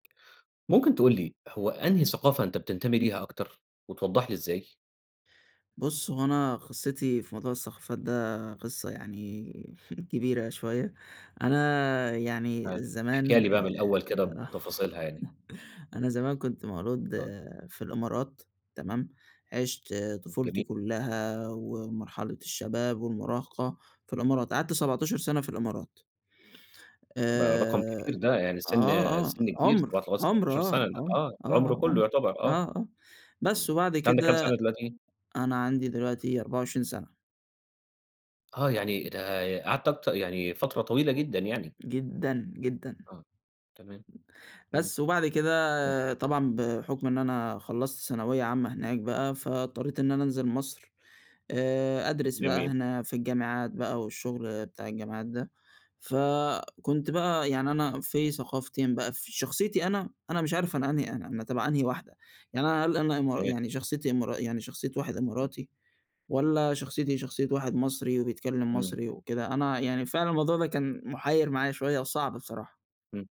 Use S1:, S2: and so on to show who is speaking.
S1: ممكن تقول لي هو أنهي ثقافة أنت بتنتمي ليها أكتر، وتوضح لي إزاي؟
S2: بُص، هو أنا قصتي في موضوع الثقافات ده قصّة يعني كبيرة شويّة، أنا يعني
S1: حلو، احكيها
S2: زمان
S1: لي بقى من الأول كده
S2: آآ،
S1: بتفاصيلها يعني. أ
S2: أنا زمان كنت مولود
S1: [unintelligible]
S2: في الإمارات تمام، عِشت طفولتي
S1: جميل.
S2: كلّها ومرحلة الشباب والمراهقة في الإمارات، قعدت 17 سنة في الإمارات.
S1: ما رقم
S2: آآ،
S1: كبير ده، يعني سن
S2: آه، آه،
S1: سن كبير [unintelligible]
S2: عُمر، عُمر
S1: 17
S2: آه،
S1: سنة
S2: عُمر
S1: آه، العمر
S2: آه،
S1: كله
S2: عُمر
S1: يعتبر
S2: آه،
S1: آه.
S2: آه،
S1: امم،
S2: بس وبعد
S1: أنت عندك كام
S2: كده
S1: سنة دلوقتي؟
S2: أنا عندي دلوقتي 24 سنة.
S1: آه، يعني إيه ده قعدت أكتر يعني فترة طويلة جدًا يعني.
S2: جدًا، جدًا.
S1: آه، تمام، إمم.
S2: بس، وبعد
S1: آه.
S2: كده طبعًا بحكم إن أنا خلصت ثانوية عامةً هناك بقى، فاضطريت إن أنا أنزل مصر آآ، أدرس بقى
S1: جميل.
S2: هنا في الجامعات بقى والشغل بتاع الجامعات ده، فكنت بقى يعني أنا في ثقافتين بقى في شخصيتي أنا، أنا مش عارف أنا أنهي أنا أنا تبع أنهي واحدة يعني أنا هل أنا إما
S1: تمام.
S2: يعني شخصيتي إمارا يعني شخصيّة واحد
S1: إمم.
S2: إماراتي والّا شخصيتي شخصيّة واحد مصري وبيتكلّم
S1: امم.
S2: مصري وكده، أنا يعني فعلًا الموضوع ده كان مُحير معايا شويّة وصعب بصراحة.
S1: إمم.